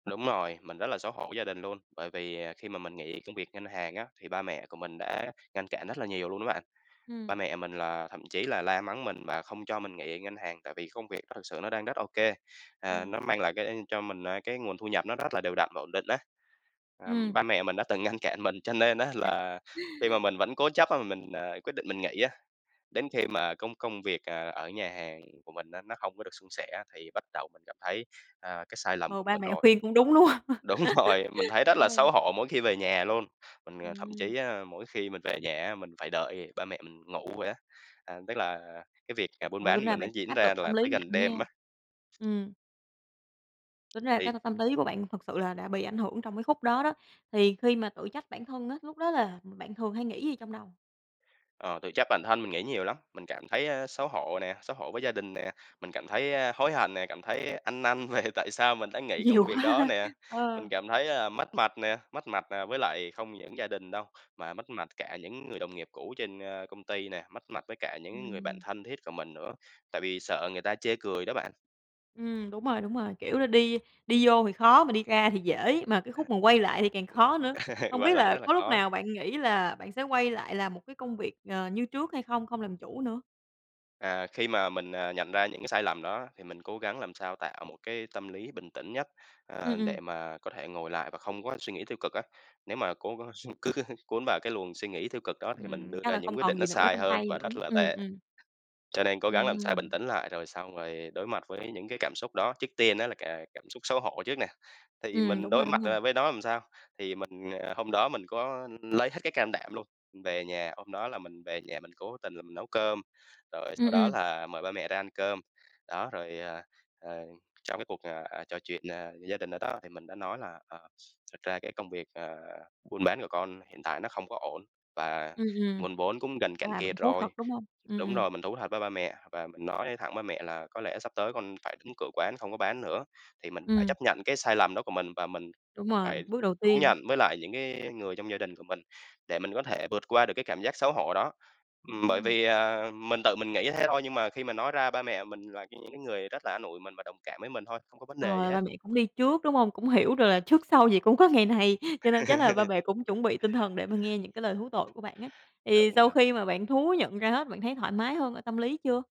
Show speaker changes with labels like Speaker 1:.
Speaker 1: Đúng rồi, mình rất là xấu hổ gia đình luôn, bởi vì khi mà mình nghỉ công việc ngân hàng á, thì ba mẹ của mình đã ngăn cản rất là nhiều luôn đó bạn. Ba
Speaker 2: Ừm.
Speaker 1: mẹ mình là thậm chí là la mắng mình và không cho mình nghỉ ở ngân hàng tại vì công việc đó thực sự nó đang rất ô kê, ờ, nó
Speaker 2: Ừm.
Speaker 1: mang lại cái cho mình, ờ, cái nguồn thu nhập nó rất là đều đặn và ổn định á. Ờm,
Speaker 2: Ừm.
Speaker 1: ba mẹ mình đã từng ngăn cản mình, cho nên á là khi mà mình vẫn cố chấp á mà mình, à, quyết định mình nghỉ á, đến khi mà công công việc, ờ, ở nhà hàng của mình á, nó không có được suôn sẻ, thì bắt đầu mình cảm thấy, à, cái sai lầm
Speaker 2: Ồ,
Speaker 1: của
Speaker 2: ba
Speaker 1: mình
Speaker 2: mẹ
Speaker 1: rồi.
Speaker 2: khuyên cũng đúng, đúng không?
Speaker 1: Đúng rồi, mình thấy rất
Speaker 2: Đúng
Speaker 1: là
Speaker 2: rồi.
Speaker 1: xấu hổ mỗi khi về nhà luôn, mình thậm
Speaker 2: Ừm.
Speaker 1: chí, à, mỗi khi mình về nhà á mình phải đợi ba mẹ mình ngủ rồi á, à, tức là cái việc, à, buôn
Speaker 2: Ừ,
Speaker 1: bán
Speaker 2: tính ra
Speaker 1: mình nó
Speaker 2: bạn cũng
Speaker 1: diễn
Speaker 2: áp
Speaker 1: ra
Speaker 2: lực tâm
Speaker 1: là
Speaker 2: lý
Speaker 1: phải gần
Speaker 2: nặng nha.
Speaker 1: đêm á.
Speaker 2: Ừm. Tính ra
Speaker 1: Thì
Speaker 2: cái tâm tâm lý của bạn thật sự là đã bị ảnh hưởng trong cái khúc đó đó. Thì khi mà tự trách bản thân á, lúc đó là bạn thường hay nghĩ gì trong đầu?
Speaker 1: Ờ, tự trách bản thân, mình nghĩ nhiều lắm. Mình cảm thấy xấu hổ nè, xấu hổ với gia đình nè. Mình cảm thấy, a, hối hận nè, cảm thấy ăn năn về tại sao mình đã nghỉ
Speaker 2: Nhiều
Speaker 1: công việc
Speaker 2: quá
Speaker 1: đó
Speaker 2: ha,
Speaker 1: nè. Mình
Speaker 2: ờ.
Speaker 1: cảm thấy, ờ, mất mặt nè, mất mặt, ờ, với lại không những gia đình đâu, mà mất mặt cả những người đồng nghiệp cũ trên, ơ, công ty nè, mất mặt với cả những người bạn
Speaker 2: Ừm.
Speaker 1: thân thiết của mình nữa, tại vì sợ người ta chê cười đó bạn.
Speaker 2: Ừm, đúng rồi, đúng rồi, kiểu là, đi đi vô thì khó mà đi ra thì dễ, mà cái
Speaker 1: A,
Speaker 2: khúc mà quay lại thì càng
Speaker 1: ưm.
Speaker 2: khó nữa. Hông
Speaker 1: Quay
Speaker 2: biết
Speaker 1: lại
Speaker 2: là
Speaker 1: rất là
Speaker 2: có lúc
Speaker 1: khó.
Speaker 2: nào bạn nghĩ là bạn sẽ quay lại làm một cái công việc, ờ, như trước hay không? Không làm chủ nữa?
Speaker 1: À, khi mà mình, à, nhận ra những cái sai lầm đó, thì mình cố gắng làm sao tạo một cái tâm lý bình tĩnh nhất, à,
Speaker 2: Ừm, ừm.
Speaker 1: để mà có thể ngồi lại và không có suy nghĩ tiêu cực á. Nếu mà cố gắng s cứ cuốn vào cái luồng suy nghĩ tiêu cực đó thì mình
Speaker 2: Ừm,
Speaker 1: đưa
Speaker 2: chắc
Speaker 1: ra
Speaker 2: là
Speaker 1: những
Speaker 2: không
Speaker 1: quyết
Speaker 2: còn
Speaker 1: định nó
Speaker 2: gì nữa
Speaker 1: sai
Speaker 2: trong
Speaker 1: hơn
Speaker 2: tay
Speaker 1: và
Speaker 2: nữa.
Speaker 1: rất là
Speaker 2: Ừm,
Speaker 1: tệ,
Speaker 2: ừm.
Speaker 1: cho nên cố gắng làm sao bình
Speaker 2: Ừm.
Speaker 1: tĩnh lại rồi xong rồi đối mặt với những cái cảm xúc đó. Trước tiên á là c cảm xúc xấu hổ trước nè, thì
Speaker 2: Ừm,
Speaker 1: mình
Speaker 2: đúng rồi,
Speaker 1: đối
Speaker 2: đúng
Speaker 1: mặt,
Speaker 2: rồi.
Speaker 1: à, với nó làm sao? Thì mình, ờ, hôm đó mình có lấy hết cái can đảm luôn, về nhà hôm đó là mình về nhà, mình cố tình là mình nấu cơm, rồi
Speaker 2: Ừm,
Speaker 1: sau đó
Speaker 2: ừm.
Speaker 1: là mời ba mẹ ra ăn cơm. Đó, rồi, à, ờ, trong cái cuộc, à, à, trò chuyện, à, gia đình ở đó thì mình đã nói là "Ờ, thật ra cái công việc, ờ, buôn bán của con hiện tại nó không có ổn, và
Speaker 2: Ừm, ừm,
Speaker 1: nguồn vốn cũng gần
Speaker 2: à,
Speaker 1: cạn
Speaker 2: bạn
Speaker 1: kiệt
Speaker 2: thú thật,
Speaker 1: rồi."
Speaker 2: đúng hông? Ừm,
Speaker 1: Đúng
Speaker 2: ừm.
Speaker 1: rồi, mình thú thật với ba mẹ, và mình nói thẳng ba mẹ là "Có lẽ sắp tới con phải đóng cửa quán, không có bán nữa." Thì mình phải
Speaker 2: Ừm.
Speaker 1: chấp nhận cái sai lầm đó của mình và mình
Speaker 2: Đúng rồi,
Speaker 1: phải
Speaker 2: bước đầu
Speaker 1: thú
Speaker 2: tiên.
Speaker 1: nhận với lại những cái người trong gia đình của mình để mình có thể vượt qua được cái cảm giác xấu hổ đó. Ừm, bởi
Speaker 2: Ồ.
Speaker 1: vì, à, mình tự mình nghĩ thế thôi, nhưng mà khi mà nói ra ba mẹ mình là những cái người rất là an ủi mình và đồng cảm với mình thôi, không có vấn đề gì
Speaker 2: Ờ,
Speaker 1: hết.
Speaker 2: ba mẹ cũng đi trước, đúng hông? Cũng hiểu được là trước sau gì cũng có ngày này, cho nên chắc là ba mẹ cũng chuẩn bị tinh thần để mà nghe những cái lời thú tội của bạn ấy. Thì
Speaker 1: Đúng
Speaker 2: sau
Speaker 1: rồi.
Speaker 2: khi mà bạn thú nhận ra hết, bạn thấy thoải mái hơn ở tâm lý chưa?